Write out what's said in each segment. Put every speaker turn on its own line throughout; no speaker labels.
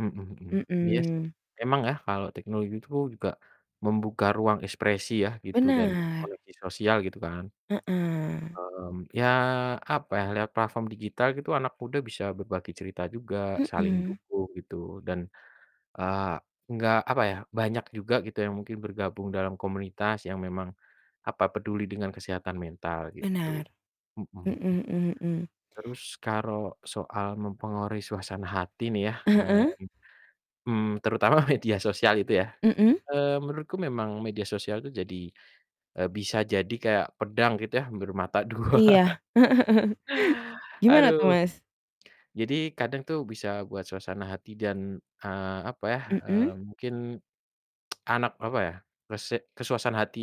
Mhm mhm, iya sih
Mhm.
emang ya kalau teknologi itu juga membuka ruang ekspresi ya gitu dan
Benar.
koneksi sosial, gitu kan.
Heeh.
Mmm, ya apa ya, lewat platform digital gitu anak muda bisa berbagi cerita juga, saling
Mhm.
dukung gitu dan, eee, nggak apa ya, banyak juga gitu yang mungkin bergabung dalam komunitas yang memang, apa, peduli dengan kesehatan mental gitu,
Benar,
mhm
mhm
mhm.
mhm mhm.
Terus, karok soal mempengaruhi suasana hati nih ya,
Heeh.
mmm, terutama media sosial itu ya,
Mhm.
eee, menurutku memang media sosial itu jadi eee, bisa jadi kayak pedang gitu ya, bermata dua.
Iya, gimana
Aduh.
tuh, Mas?
Jadi kadang tuh bisa buat suasana hati dan, eee, apa ya, mmm,
Mhm.
mungkin anak, apa ya, kese kesuasaan hati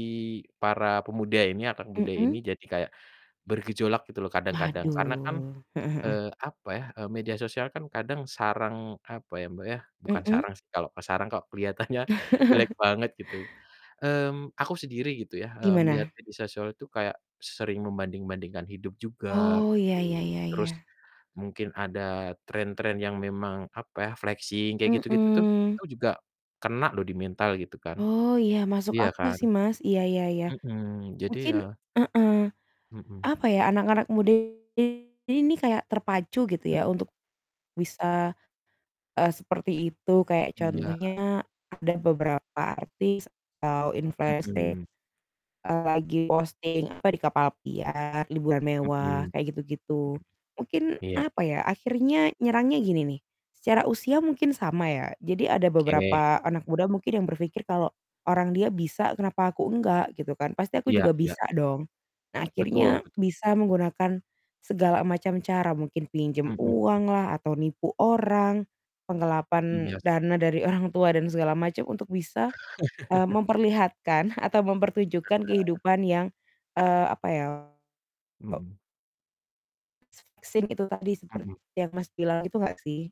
para pemuda ini anak muda ini
Mhm.
jadi kayak bergejolak gitu loh kadang-kadang. Karena kan,
Waduh, heeh heeh.
eee, apa ya, eee, media sosial kan kadang sarang apa ya, Mbak, ya bukan
Mhm.
sarang sih, kalau ke sarang kok keliatannya jelek banget gitu, mmm, aku sendiri gitu ya, eee, melihat
Gimana?
media sosial itu kayak sering membanding-bandingkan hidup juga
Oh,
gitu.
ya ya ya
Terus
ya.
mungkin ada tren-tren yang memang, apa ya, flexing kayak gitu-gitu tuh,
Mhm.
itu juga kena loh di mental gitu kan,
Oh iya, masuk
iya
akal
kan?
sih, Mas, iya iya iya.
Mhm, jadi ya
Mungkin heeh,
Mhm.
apa ya, anak-anak muda ini kayak terpacu gitu ya
Mhm.
untuk bisa, eee, seperti itu, kayak
Iya.
contohnya update beberapa artis atau influenser,
Mhm.
eee, lagi posting apa di kapal pesiar, liburan
Mhm,
mewah,
mhm.
kayak gitu-gitu. Mungkin,
Iya.
apa ya akhirnya nyerangnya gini nih, secara usia mungkin sama ya. Jadi ada
Oke.
beberapa anak muda mungkin yang berpikir, "kalau orang dia bisa, kenapa aku enggak? Gitu kan, pasti aku
Iya
juga
iya iya.
bisa dong". Nah
Betul
akhirnya,
betul.
bisa menggunakan segala macam cara mungkin pinjam
Mhm.
uanglah, atau nipu orang, penggelapan
Iya s
dana dari orang tua dan segala macam untuk bisa, mmm, memperlihatkan atau mempertunjukkan
Heeh.
kehidupan yang, eee, apa ya
Mhm.
[unintelligible] sing itu tadi seperti
Mhm.
yang Mas bilang gitu nggak sih?